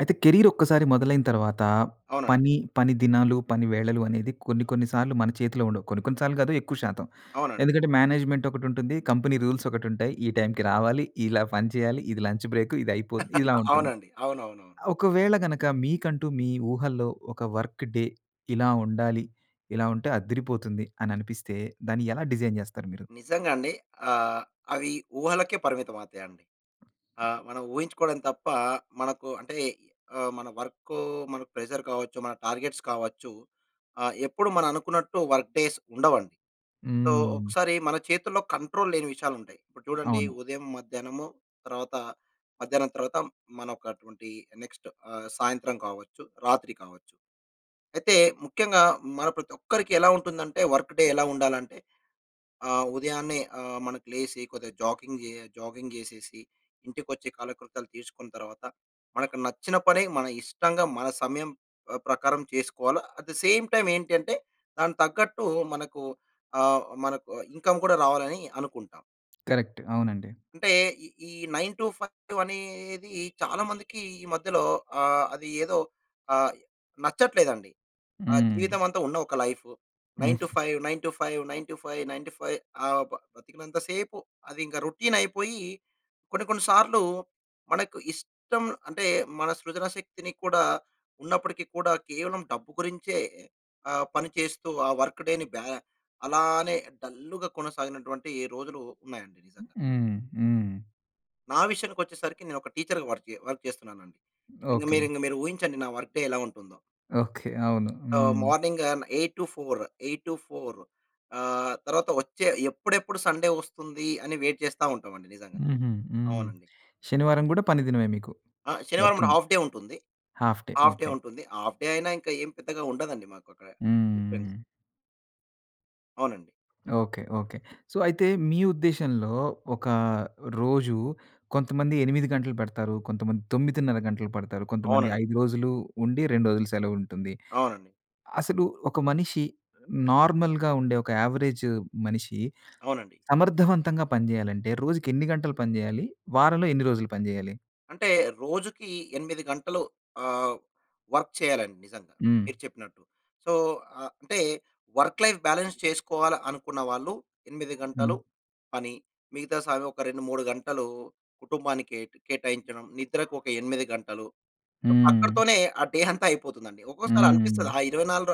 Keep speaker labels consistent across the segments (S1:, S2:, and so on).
S1: అయితే కెరియర్ ఒక్కసారి మొదలైన తరువాత
S2: అవునండి.
S1: పని, పని దినాలు, పని వేళలు అనేది కొన్ని కొన్ని సార్లు మన చేతిలో ఉండవు. కొన్ని కొన్ని సార్లు కాదు ఎక్కువ శాతం.
S2: అవునండి.
S1: ఎందుకంటే మేనేజ్మెంట్ ఒకటి ఉంటుంది. కంపెనీ రూల్స్ ఒకటి ఉంటాయి. ఈ టైమ్‌కి రావాలి, ఇలా పని చేయాలి, ఇది లంచ్ బ్రేకు, ఇది అయిపోద్ ఇలా ఉంటుంది.
S2: అవునండి. అవును, అవును, అవును.
S1: ఆహ్, ఒకవేళ గనక మీకంటూ మీ ఊహల్లో ఒక వర్క్ డే ఇలా ఉండాలి. ఇలా ఉంటే అద్దిరిపోతుంది అని అనిపిస్తే, దాన్ని ఎలా డిజైన్ జెస్తారు మీరు?
S2: నిజంగా అండి. ఆహ్, అవి ఊహలకే పరిమితం అవుతాయండి. ఆహ్, మనం ఊహించుకోవడం తప్ప మనకు అంటే ఆహ్, మన వర్కు మనకు ప్రెషర్ కావచ్చు, మన టార్గెట్స్ కావచ్చు. ఆహ్, ఎప్పుడు మనం అనుకున్నట్టు వర్క్ డేస్ ఉండవండి. సో
S1: హ్మ్.
S2: ఒకసారి మన చేతుల్లో కంట్రోల్ లేని విషయాలు ఉంటాయి. ఇప్పుడు చూడండి
S1: అవును.
S2: ఉదయం, మధ్యాహ్నము తర్వాత మధ్యాహ్నం తరువాత మనకటువంటి నెక్స్ట్ ఆహ్, సాయంత్రం కావచ్చు, రాత్రి కావచ్చు. అయితే ముఖ్యంగా మన ప్రతి ఒక్కరికి ఎలా ఉంటుందంటే వర్క్ డే ఎలా ఉండాలంటే ఆహ్, ఉదయాన్నే ఆహ్, మనకి లేసి కొద్దిగ జాగింగ్ జె జాగింగ్ జెసేసి, ఇంటికి ఒచ్చి కాలకృతాలు తీసుకున్న తరువాత, మనకు నచ్చిన పని మన ఇష్టంగా మన సమయం ఆహ్, ప్రకారం చేసుకోవాలి. అట్ ద సేమ్ టైమ్ ఏంటి అంటే దానికి తగ్గట్టు మనకు ఆహ్, మనకు ఇన్కమ్ కూడా రావాలి అని అనుకుంటాం.
S1: కరెక్ట్. అవునండి.
S2: అంటే ఈ ఈ 9-5 అనేది చాలా మందికి ఈ మధ్యలో ఆహ్, అది ఏదో ఆహ్, నచ్చట్లేదండి. ఆహ్,
S1: హ్మ్.
S2: జీవితమంతా ఉన్న ఒక లైఫ్
S1: హ్మ్.
S2: Nine to five nine to five nine to five nine to five ఆహ్, బ బతికినంత సేపు అది ఇంకా రొటీన్ అయిపోయి, కొన్ని కొన్ని సార్లు మనకు ఇష్టం, అంటే మన సృజనా శక్తిని కూడా, ఉన్నప్పటికి కూడా కేవలం డబ్బు గురించే ఆహ్, పని చేస్తూ ఆ వర్క్ డే‌ని బ్యా అలానే డల్‌గా కొనసాగినటువంటి రోజులు ఉన్నాయండి. నిజంగా.
S1: హ్మ్, హ్మ్.
S2: నా విషయానికి వచ్చేసరికి నేను ఒక టీచర్‌గా వర్కె వర్క్ చేస్తున్నాను అండి. ఇంక మీరు
S1: ఓకె.
S2: ఇంక మీరు ఊహించండి నా వర్క్ డే ఎలా ఉంటుందో.
S1: ఓకె అవును.
S2: ఆహ్,
S1: హ్మ్.
S2: మార్నింగ్ ఆహ్, 8-4, 8-4. ఆహ్, తరువాత వచ్చే ఎప్పుడెప్పుడు సండే వస్తుంది అని వెయిట్ చేస్తా ఉంటాం అండి. నిజంగా,
S1: హుహు. హ్మ్.
S2: అవునండి.
S1: శనివారం కూడా పని దినమే మీకు.
S2: ఆ! శనివారం పూట
S1: వర్కింగ్.
S2: హాఫ్ డే ఉంటుంది.
S1: Half day.
S2: Half day
S1: okay.
S2: ఉంటుంది. హాఫ్ డే అయినా ఇంకా ఏం పెద్దగా ఉండదండి మాకు అక్కడ డిఫరెన్స్.
S1: హుహూహు.
S2: అవునండి.
S1: Okay, okay. సో అయితే మీ ఉద్దేశంలో, ఒక రోజు కొంతమంది 8 గంటలు పడతారు. కొంతమంది 9½ గంటలు పడతారు. కొంతమంది
S2: అవునండి.
S1: 5 రోజులు ఉండి, 2 రోజులు సెలవు ఉంటుంది.
S2: అవునండి.
S1: అసలు ఒక మనిషి నార్మల్‌గా ఉండే ఒక యావరేజ్ మనిషి
S2: అవునండి.
S1: సమర్థవంతంగా పని చేయాలంటే రోజుకి ఎన్ని గంటలు పని చేయాలి? వారంలో ఎన్ని రోజులు పని చేయాలి?
S2: అంటే, రోజుకి 8 గంటలు ఆహ్, వర్క్ చేయాలండి నిజంగా.
S1: హ్మ్.
S2: మీరు చెప్పినట్టు. సో, ఆహ్, అంటే వర్క్‌లైఫ్ బ్యాలన్స్ చేసుకోవాల అనుకున్న వాళ్ళు, 8 గంటలు
S1: హ్మ్.
S2: పని, మిగతా సాగవు ఒక 2, 3 గంటలు, కుటుంబానికేటు కేటాయించడం. నిద్రకొక 8 గంటలు. సో,
S1: హ్మ్.
S2: అక్కడితోనే, ఆ డే అంతా అయిపోతుందండి. ఒక్కోసారి అనిపిస్తది,
S1: హ్మ్.
S2: ఆ ఇరవైనాలుర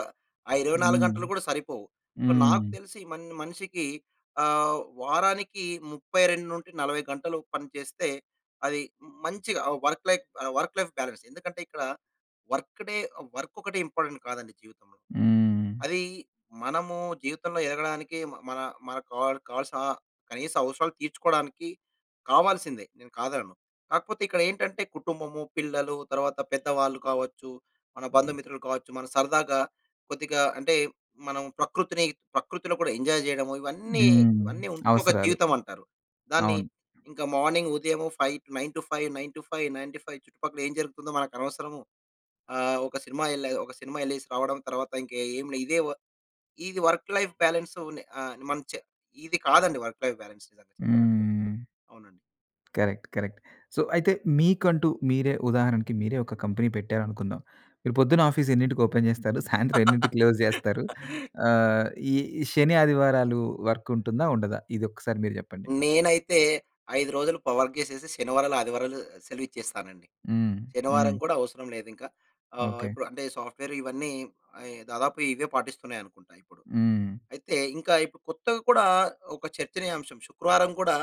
S2: ఆ 24
S1: హ్మ్.
S2: గంటలు కూడా సరిపోవు. ఓహ్, నాకు
S1: హ్మ్.
S2: తెలిసి మన్ మనిషికి ఆహ్, వారానికి 32-40 గంటలు పని చేస్తే, అది మ్ మంచిగా ఆహ్, వర్క్‌లైఫ్ ఆహ్, వర్క్‌లైఫ్ బ్యాలన్స్, ఎందుకంటే ఇక్కడ వర్క్‌డే ఆహ్, వర్కొక్కటే ఇంపార్టెంట్ కాదండి జీవితంలో.
S1: హ్మ్.
S2: అదీ మనము జీవితంలో ఎదగడానికి మ మన, మన కావల్ కావాల్సిన కనీస అవసరాలు తీర్చుకోవడానికి కావాల్సిందే, నేను కాదనను. కాకపోతే ఇక్కడేంటంటే, కుటుంబము, పిల్లలు తరువాత పెద్దవాళ్ళు కావచ్చు, మన బంధుమిత్రులు కావచ్చు, మనం సరదాగా కొద్దిగా అంటే, మనం ప్రకృతిని, ప్రకృతిలో కూడా ఎంజాయ్ చేయడము ఇవన్నీ,
S1: హ్మ్.
S2: ఇవన్నీ ఉంటేనే ఒక
S1: అవసరాలు.
S2: జీవితమంటారు. దాన్ని
S1: అవును.
S2: ఇంక మార్నింగ్ ఉదయము ఫై 9-5, 9-5, 9-5 చుట్టుపక్కల ఏం జరుగుతుందో మనకనవసరము, ఆహ్, ఒక సినిమా ఎల్లే ఒక సినిమా ఎల్లేసి రావడం, తర్వాత ఇంక ఏం లే! ఇదే వ ఇది వర్క్‌లైఫ్ బ్యాలన్సు నే ఆహ్, మన చే ఇది కాదండి! వర్క్‌లైఫ్ బ్యాలన్స్ నిజంగా చెప్పాలంటే.
S1: హ్మ్.
S2: అవునండి.
S1: కరెక్ట్. కరెక్ట్. సో, అయితే మీకంటూ, మీరే, ఉదాహరణకి మీరే ఒక కంపెనీ పెట్టారనుకుందాం. మీరు పొద్దున ఆఫీసెన్నింటికి ఓపెన్ జేస్తారు? సాయంత్రం ఎన్నింటికి క్లోజ్ జేస్తారు? ఆహ్, ఈ శని, ఆదివారాలు వర్కుంటుందా? ఉండదా? ఇదొక్కసారి మీరు చెప్పండి.
S2: నేనైతే 5 రోజులు ప వర్క్ జేసేసి, శనివారాలు, ఆదివారాలు సెలవిచ్చేస్తానండి.
S1: హ్మ్. హ్మ్.
S2: శనివారం కూడా అవసరం లేదింకా. ఆహ్,
S1: ఓకె.
S2: ఇప్పుడు అంటే సాఫ్ట్‌వేరు ఇవన్నీ అయే, దాదాపు ఇవే పాటిస్తున్నాయనుకుంటా ఇప్పుడు.
S1: హ్మ్.
S2: అయితే ఇంకా ఇప్పుడు కొత్తగ కూడా ఒక చర్చనీయాంశం, శుక్రవారం కూడా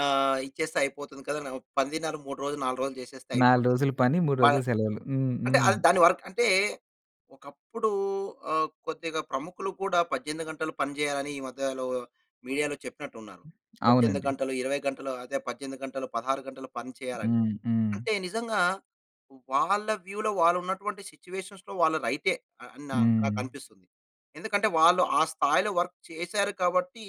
S2: ఆహ్, ఇచ్చేస్తే అయిపోతుంది కదనో, పనిదినాలు 3 రోజులు, 4 రోజులు జేసేస్తే
S1: నాలు
S2: అయిపోతుంది.
S1: రోజులు పని, 3
S2: ప
S1: రోజులు సెలవులు. హ్మ్.
S2: అంటే, అది
S1: హ్మ్.
S2: దాని వర్క్ అంటే, ఒకప్పుడు ఆహ్, కొద్దిగా ప్రముఖులు కూడా 18 గంటలు పని చేయాలని ఈ మధ్యలో మీడియాలో చెప్పినట్టున్నారు. 18
S1: అవునండి.
S2: గంటలు 20 గంటలు అదే, 18 గంటలు 16 గంటలు పని చేయాలని.
S1: హ్మ్. హ్మ్.
S2: అంటే నిజంగా, వాళ్ళ వ్యూలో వాళ్ళున్నటువంటి సిట్యుయేషన్స్‌లో వాళ్ళు రైటే, అని నా
S1: హ్మ్.
S2: నాకనిపిస్తుంది. ఎందుకంటే, వాళ్ళు ఆ స్థాయిలో వర్క్ చేసారు కాబట్టి,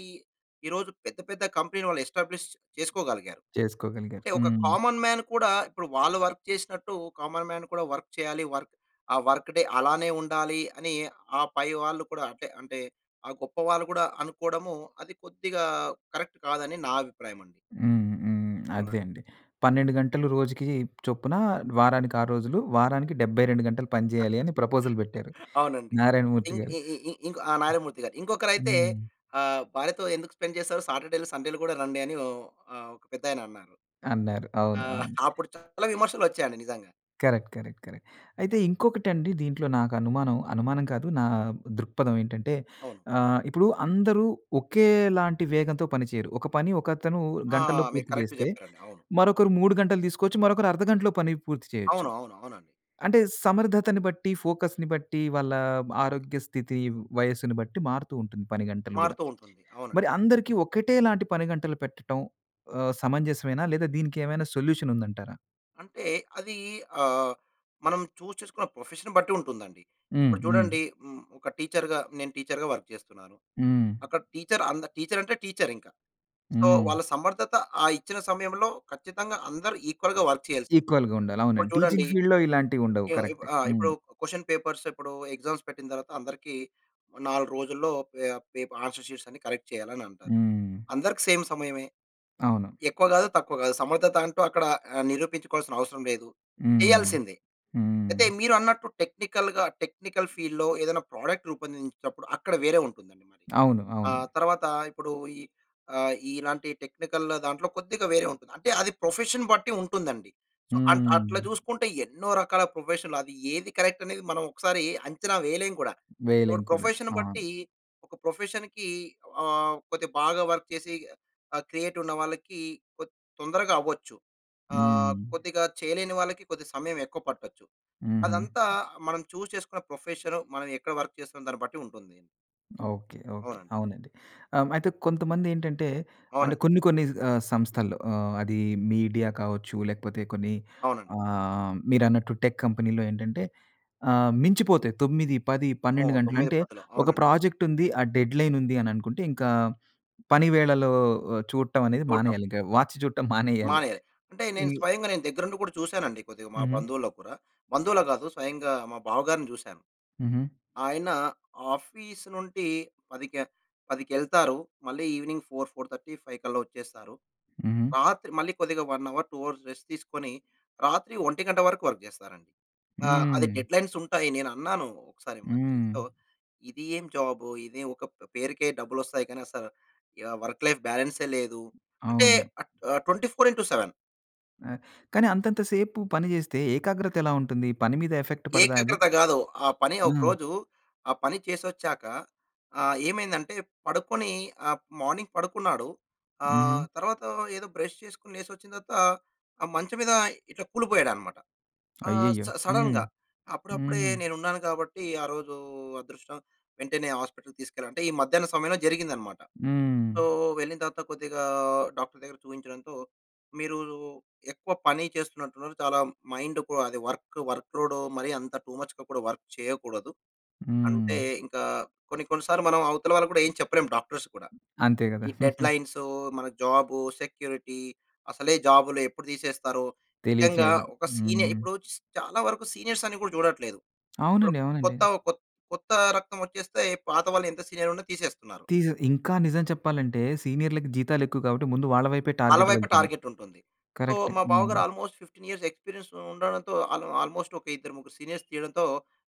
S2: ఈరోజు పెద్ద పెద్ద కంపెనీలు వాళ్ళు ఎస్టాబ్లిష్ చేసుకోగలిగారు.
S1: చేసుకోగలిగారు.
S2: అంటే ఒక
S1: హ్మ్.
S2: కామన్ మ్యాన్ కూడా, ఇప్పుడు వాళ్ళు వర్క్ చేసినట్టు, కామన్ మ్యాన్ కూడా వర్క్ చేయాలి, వర్క్ ఆ వర్క్‌డే అలానే ఉండాలి, అని ఆ పైవాళ్లు కూడా అంటే, అంటే ఆ గొప్ప వాళ్ళు గూడా అనుకోడము, అది కొద్దిగా కరెక్ట్ కాదని నా అభిప్రాయమండి.
S1: హ్మ్. హ్మ్.
S2: అవునండి.
S1: అదే అండీ. 12 గంటలు రోజుకి చొప్పున, వారానికారు రోజులు, వారానికి 72 గంటలు పనిచేయాలి అని, ప్రపోజల్ పెట్టారు
S2: అవునండి.
S1: 'నారాయణమూర్తి'
S2: ఇంక్
S1: గారు.
S2: ఇ ఇ ఇ ఇంక్ ఆహ్, 'నారాయణమూర్తి' గారు. ఇంకొకరైతే
S1: హ్మ్.
S2: ఆహ్, భార్యతో ఎందుకు స్పెండ్ జేసారు. సాటర్‌డే‌లు, సండేలు కూడా రండి అని ఓహ్! ఆహ్, ఒక పెద్దాయన అన్నారు.
S1: అన్నారు. అవును.
S2: ఆహ్,
S1: అవును.
S2: అప్పుడు చాలా విమర్శలొచ్చాయండి నిజంగా.
S1: Correct, correct, correct. అయితే ఇంకొకటి అండి దీంట్లో నాకు అనుమానం, అనుమానం కాదు నా దృక్పథం ఏంటంటే
S2: అవును.
S1: ఆహ్, ఇప్పుడు అందరు ఒకేలాంటి వేగంతో పని చేయరు. ఒక పని ఒకతను
S2: ఆ!
S1: గంటల్లో
S2: మీరు
S1: పూర్తి
S2: కరెక్ట్‌
S1: చేస్తే,
S2: చెప్పారండి అవును.
S1: మరొకరు 3 గంటలు తీసుకోవచ్చు, మరొకరు అర్ధగంటలో పని పూర్తి చేయొచ్చు.
S2: అవును అవును, అవునండి.
S1: అంటే సమర్థతను బట్టి, ఫోకస్‌ని బట్టి, వాళ్ళ ఆరోగ్య స్థితి, వయస్సుని బట్టి మారుతూ ఉంటుంది పనిగంటలు గూడా.
S2: మారుతూ ఉంటుంది. అవును.
S1: మరి అందరికీ ఒకటే లాంటి పని గంటలు పెట్టటం ఆహ్, సమంజసమేనా లేదా దీనికి ఏమైనా సొల్యూషన్ ఉందంటారా?
S2: అంటే అది ఆహ్, మనం చూస్ చేసుకున్న ప్రొఫెషన్‌ని బట్టి ఉంటుందండి.
S1: హ్మ్,
S2: ఇప్పుడు
S1: హ్మ్.
S2: చూడండి హ్మ్, ఒక టీచర్‌గా, నేను టీచర్‌గా వర్క్ చేస్తున్నాను.
S1: హ్మ్.
S2: అక్కడ టీచర్ అంద టీచర్ అంటే టీచర్ ఇంక. సో
S1: హ్మ్.
S2: వాళ్ళ సమర్ధత ఆ ఇచ్చిన సమయంలో ఖచ్చితంగా అందరూ ఈక్వల్‌గా వర్క్ చేయాల్సింది.
S1: ఈక్వల్‌గా ఉండాలి.
S2: ఇప్పుడు
S1: అవునండి
S2: చూడండి,
S1: టీచింగ్ ఫీల్డ్‌లో ఇలాంటివి ఉండవు.
S2: ఈ ఉంది
S1: కరెక్టె.
S2: ఇప్పుడు ఆహ్, ఇప్పుడు
S1: హ్మ్.
S2: క్వెషన్ పేపర్స్ ఇప్పుడు ఎగ్జామ్స్ పెట్టిన తరువాత అందరికి 4 రోజుల్లో పే పేప్ ఆన్సర్ షీట్స్ అన్ని కరెక్ట్ చేయాలి అని అంటారు.
S1: హ్మ్.
S2: అందరికి సేమ్ సమయమే.
S1: అవును.
S2: ఎక్కువ కాదు, తక్కువ కాదు సమర్ధత అంటూ అక్కడ ఆహ్, నిరూపించుకోవాల్సిన అవసరం లేదు,
S1: హ్మ్,
S2: చేయాల్సిందే.
S1: హ్మ్.
S2: అయితే మీరు అన్నట్టు టెక్నికల్‌గా, టెక్నికల్ ఫీల్డ్‌లో ఏదైనా ప్రొడక్ట్ రూపొందించినప్పుడు, అక్కడ వేరే ఉంటుందండి మరి.
S1: అవును
S2: ఆ
S1: అవును.
S2: తర్వాత ఇప్పుడు ఈ ఆహ్, ఇలాంటి టెక్నికల్ దాంట్లో కొద్దిగా వేరే ఉంటుంది. అంటే అది ప్రొఫెషన్ బట్టి ఉంటుందండి. సో అంట్ అట్లా
S1: హ్మ్.
S2: చూసుకుంటే ఎన్నో రకాల ప్రొఫెషన్లు అది ఏది కరెక్ట్ అనేది మనం ఒకసారి అంచనా వేయలేం కూడా.
S1: వేయలేం
S2: ఇప్పుడు
S1: కూడా.
S2: ప్రొఫెషన్
S1: అవును.
S2: బట్టి, ఒక ప్రొఫెషన్‌కి ఆహ్, కొద్దిగా బాగా వర్క్ చేసి ఆహ్, క్రియేటివ్ ఉన్నవాళ్లకి కొత్ తొందరగా అవ్వచ్చు.
S1: హ్మ్.
S2: ఆహ్, కొద్దిగా చేయలేని వాళ్ళకి కొద్ది సమయం ఎక్కువ పట్టొచ్చు.
S1: హుహు.
S2: అదంతా మనం చూస్ చేసుకున్న ప్రొఫెషన్, మనం ఎక్కడ వర్క్ చేస్తాం దాన్ని బట్టి ఉంటుంది.
S1: Okay, okay.
S2: అవునండి.
S1: అవునండి. ఆహ్, అయితే కొంతమందేంటంటే, అంటే,
S2: అవునండి.
S1: కొన్ని కొన్ని సంస్థల్లో ఆహ్, అది మీడియా కావచ్చు లేకపోతే కొన్ని
S2: అవునండి.
S1: ఆహ్, మీరన్నట్టు టెక్ కంపెనీలో ఏంటంటే ఆహ్, మించిపోతాయి తొమ్మిది పది
S2: అమ్మో!
S1: పన్నెండు గంటలు.
S2: 9
S1: అంటే
S2: పదులు
S1: ఒక
S2: అవునండి.
S1: ప్రాజెక్ట్ ఉంది, ఆ డెడ్‌లైన్ ఉంది అననుకుంటే ఇంకా, పని వేళలో చూడటం అనేది
S2: చూడటం.
S1: మానేయాలి. ఇంకా వాచ్ చూటం మానేయాలి.
S2: మానేయాలి. అంటే
S1: ఈ
S2: నేను స్వయంగా నేను దగ్గరుండి కూడా చూసానండి కొద్దిగా మా
S1: హుహు.
S2: బంధువుల్లో కుడా, బంధువులకు కాదు స్వయంగా మా బావగారిని చూసాను.
S1: హుహు.
S2: ఆయన ఆఫీస్ నుండి పదిక పదికెళ్తారు. మళ్ళి ఇవెనింగ్ 4:00, 4:30, 5:00 కల్లా వచ్చేస్తారు.
S1: హుహు.
S2: రాత్రి మళ్ళీ కొద్దిగా 1 అవర్, 2 అవర్స్ రెస్ట్ తీసుకొని రాత్రి ఒంటి గంట వరకు వర్క్ చేస్తారండి. ఆ! అది
S1: హ్మ్.
S2: డెడ్‌లైన్స్ ఉంటాయి. నేనన్నాను. ఒకసారి మా
S1: హ్మ్.
S2: చెల్లితో, ఇది ఏం జాబు ఇది ఒక ప పేరుకే డబ్బులు వస్తాయి కానీ అసల యా వర్క్ లైఫ్ బ్యాలన్సే లేదు. అంటే
S1: అవును.
S2: At 24 into 7.
S1: ఆహ్, కానీ అంతంత సేపు పని చేస్తే ఏకాగ్రత ఎలా ఉంటుంది? పని మీద ఎఫెక్ట్ పడదా అది?
S2: ఏకాగ్రత కాదు. ఆ పని
S1: ఆ!
S2: ఒకరోజు ఆ పని చేసొచ్చాక ఆహ్, ఏమైందంటే పడుకొని ఆహ్, మార్నింగ్ పడుకున్నాడు.
S1: హ్మ్.
S2: ఆహ్, తర్వాత ఏదో బ్రష్ చేసుకొని లేసి వచ్చిన తర్వాత ఆ మంచం మీద ఇట్లా కూలిపోయాడన్నమాట. ఆహ్, స
S1: అయ్యయ్యో! హ్మ్.
S2: సడన్‌గా. అప్పుడప్పుడే
S1: హ్మ్.
S2: నేను ఉన్నాను కాబట్టి ఆరోజు అదృష్టం వెంటనే హాస్పిటల్‌కి తీసుకెళ్ళాను. అంటే ఈ మధ్యాహ్నం సమయంలో జరిగిందన్నమాట. సో,
S1: హ్మ్.
S2: వెళ్ళిన తర్వాత కొద్దిగా డాక్టర్ దగ్గర చూయించడంతో, మీరు ఎక్కువ పని చేస్తున్నట్టున్నారు. చాలా మైండ్‌కు అది వర్క్, వర్క్ లోడు మరీ అంత టు మచ్‌గా కూడా వర్క్ చేయకూడదు. అంటే
S1: హ్మ్.
S2: ఇంకా కొన్ని, కొన్ని సార్లు మనం అవతల వాళ్ళకి కూడా ఏం చెప్పలేం డాక్టర్స్ కూడా.
S1: అంతే కదా!
S2: ఈ డెడ్‌లైన్స్ మన జాబు సెక్యూరిటీ అసలే జాబ్‌లు ఎప్పుడు తీసేస్తారో. నిజంగా
S1: తెలీట్లేదు.
S2: ఒక సీనియర్
S1: హ్మ్.
S2: ఇప్పుడు చాలా వరకు సీనియర్స్ అని కూడా చూడట్లేదు. ఇప్పుడు
S1: అవునండి. అవునండి.
S2: కొత్త కొత్త రక్తం వచ్చేస్తే పాత వాళ్ళు ఎంత సీనియర్ ఉన్న తీసేస్తున్నారు.
S1: తీస్ ఇంకా నిజం చెప్పాలంటే సీనియర్‌లకి జీతాలు ఎక్కువ కాబట్టి, ముందు వాళ్ళ వైపే
S2: వాళ్ళ
S1: టార్గెట్
S2: వైపే
S1: వెళ్తుంది.
S2: టార్గెట్ ఉంటుంది. So,
S1: correct.
S2: మా
S1: హ్మ్.
S2: బావగారు ఆల్‌మోస్ట్ 15 ఇయర్స్ ఎక్స్‌పీరియన్స్ ఉండడంతో ఆల్ ఆల్‌మోస్ట్ ఒక ఇద్దరు ముగ్గురు సీనియర్స్ తీయడంతో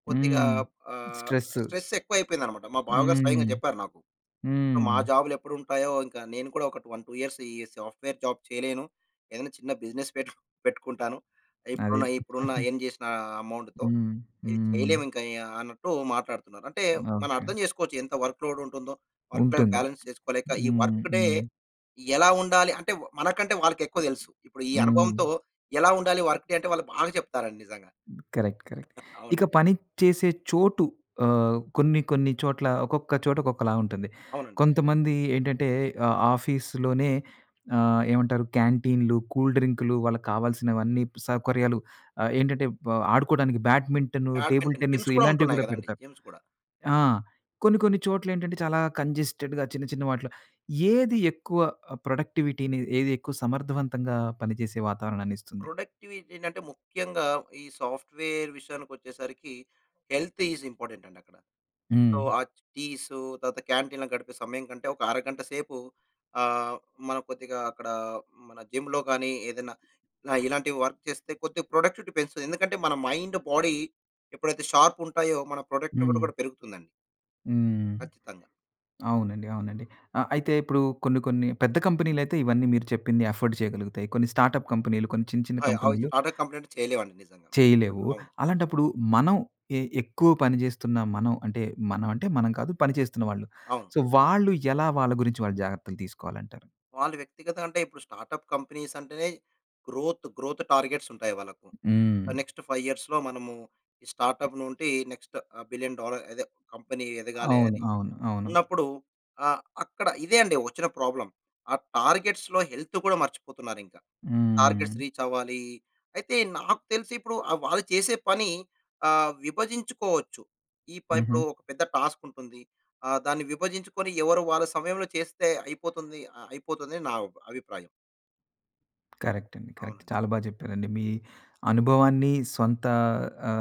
S2: కొద్దిగా
S1: హ్మ్.
S2: ఆహ్,
S1: స్ట్రెస్స్.
S2: స్ట్రెస్ ఎక్కువయిపోయిందన్నమాట. మా బావగారు స్వయంగా
S1: హ్మ్.
S2: చెప్పారు నాకు.
S1: హ్మ్.
S2: మా జాబ్‌లు ఎప్పుడు ఉంటాయో ఇంకా నేను కూడా ఒక 1, 2 ఇయర్స్ ఈ సాఫ్ట్‌వేర్ జాబ్ చేయలేను. ఏదైనా చిన్న బిజినెస్ పెట్ పెట్టుకుంటాను. ఇప్పుడున్న,
S1: అది.
S2: ఇప్పుడున్న ఎర్న్ చేసిన అమౌంట్‌తో.
S1: హ్మ్.
S2: ఇది
S1: హ్మ్.
S2: చేయలేము ఇంకా ఆహ్, అన్నట్టు మాట్లాడుతున్నారు. అంటే మనం
S1: ఓకె.
S2: అర్థం చేసుకోవచ్చు ఎంత వర్క్‌లోడ్ ఉంటుందో వర్క్ లైఫ్
S1: ఉంటుంది.
S2: బ్యాలన్స్ చేసుకోలేక ఈ
S1: హ్మ్.
S2: వర్క్‌ డే
S1: హ్మ్.
S2: ఎలా ఉండాలి అంటే, మనకంటే వాళ్ళకెక్కువ తెలుసు. ఇప్పుడు ఈ అనుభవంతో
S1: హ్మ్.
S2: ఎలా ఉండాలి వర్క్ డే అంటేవాళ్ళు బాగా చెప్తారండి నిజంగా.
S1: Correct correct.
S2: అవును.
S1: ఇక పని చేసే చోటు ఆహ్, కొన్ని, కొన్ని చోట్ల ఒకొక్క చోట ఒకొక్కలా ఉంటుంది.
S2: అవునండి.
S1: కొంతమంది ఏంటంటే ఆహ్, ఆఫీస్‌లోనే ఆహ్, ఏమంటారు క్యాంటీన్‌లు, కూల్ డ్రింక్‌లు వాళ్ళకి కావాల్సినవన్నీ సౌకర్యాలు, ఆహ్, ఏంటంటే వ్ ఆడుకోవడానికి badminton, table
S2: badminton
S1: tennis
S2: games కూడా
S1: ఇలాంటివి
S2: ఉంటున్నాయి
S1: కూడా
S2: కదండీ!
S1: పెడతారు.
S2: గేమ్స్ కూడా.
S1: ఆ! కొన్ని, కొన్ని చోట్ల ఏంటంటే చాలా కంజెస్టెడ్‌గా చిన్న చిన్న వాటిలో, ఏది ఎక్కువ ఆహ్, ప్రొడక్టివిటీని ఏది ఎక్కువ సమర్ధవంతంగా పనిచేసే వాతావరణాన్నిస్తుంది.
S2: ప్రొడక్టివిటీ ఏంటంటే ముఖ్యంగా ఈ సాఫ్ట్‌వేర్ విషయానికి వచ్చేసరికి హెల్త్ ఈస్ ఇంపార్టెంట్ అండి అక్కడ. సో,
S1: హ్మ్.
S2: ఆ టీసు తరువాత క్యాంటీన్ గడిపే సమయం కంటే ఒక అరగంట సేపు ఆహ్, మనం కొద్దిగా అక్కడ మన జిమ్‌లో గాని ఏదైనా, ఆహ్, ఇలా ఇలాంటివి వర్క్ చేస్తే కొద్దిగా ప్రొడక్టివిటీ పెంచుతుంది. ఎందుకంటే మన మైండ్, బాడీ ఎప్పుడైతే షార్ప్ ఉంటాయో మన ప్రొడక్టివిటీ
S1: హ్మ్.
S2: కూడా పెరుగుతుందండి.
S1: హ్మ్.
S2: ఖచ్చితంగా.
S1: అవునండి. అవునండి. ఆ! అయితే ఇప్పుడు కొన్ని కొన్ని పెద్ద కంపెనీలయితే ఇవన్నీ మీరు చెప్పింది అఫోర్డ్ చేయగలుగుతాయి. కొన్ని స్టార్ట్‌అప్ కంపెనీలు కొన్ని చిన్న చిన్న
S2: అయ్ ఆయి
S1: కంపెనీలు...
S2: స్టార్ట్‌అప్ కంప్లెయింట్ చేయలేం అండి నిజంగా.
S1: చేయలేవు.
S2: అవును.
S1: అలాంటప్పుడు మనం ఎ ఎక్కువ పని జేస్తున్న మనం అంటే, మనం అంటే మనం కాదు పనిచేస్తున్న వాళ్ళు.
S2: అవును.
S1: సో వాళ్ళు ఎలా వాళ్ళ గురించి జాగ్రత్తలు తీసుకోవాలంటారు?
S2: వాళ్ళు వ్యక్తిగతంగా అంటే, ఇప్పుడు స్టార్ట్‌అప్ కంపెనీస్ అంటేనే గ్రోత్, గ్రోత్ టార్గెట్స్ ఉంటాయి వాళ్ళకు.
S1: హ్మ్.
S2: నెక్స్ట్ 5 ఇయర్స్‌లో మనము స్టార్ట్‌అప్ నుండి నెక్స్ట్ బిలియన్ డాలర్ అదే కంపెనీ ఎదగాలి
S1: అవును,
S2: అని,
S1: అవును, అవును.
S2: ఉన్నప్పుడు ఆహ్, అక్కడ ఇదే అండి వచ్చిన ప్రాబ్లమ్. ఆ టార్గెట్స్‌లో హెల్త్ కూడా మర్చిపోతున్నారు ఇంకా. టార్గెట్స్
S1: హ్మ్.
S2: రీచ్ అవ్వాలి. అయితే నాకు తెలిసి ఇప్పుడు ఆహ్, వాళ్ళు చేసే పని ఆహ్, విభజించుకోవచ్చు. ఈ పై
S1: హుహు.
S2: ఇప్పుడు, ఒక పెద్ద టాస్క్ ఉంటుంది. ఆ దాన్ని విభజించుకొని ఎవరు వాళ్ళ సమయంలో చేస్తే అయిపోతుంది ఆహ్, అయిపోతుంది అని నా అభిప్రాయం.
S1: కరెక్ట్ అండి. కరెక్ట్.
S2: అవునండి.
S1: చాలా బాగా జెప్పారండి. మీ అనుభవాన్ని సొంత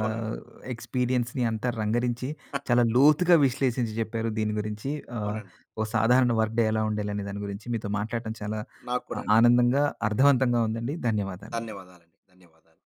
S2: అవునండి.
S1: ఎక్స్పీరియన్స్‌ని అంతా రంగరించి చాలా లోతుగా విశ్లేషించి జెప్పారు దీని గురించి. ఆహ్,
S2: అవునండి.
S1: ఓ సాధారణ వర్క్ డే ఎలా ఉండాలి అనే దాని గురించి. మీతో మాట్లాడటం చాలా అ
S2: నాక్కూడా అండి.
S1: ఆనందంగా, అర్ధవంతంగా ఉందండి. ధన్యవాదాలు అండి.
S2: ధన్యవాదాలు అండి. ధన్యవాదాలు.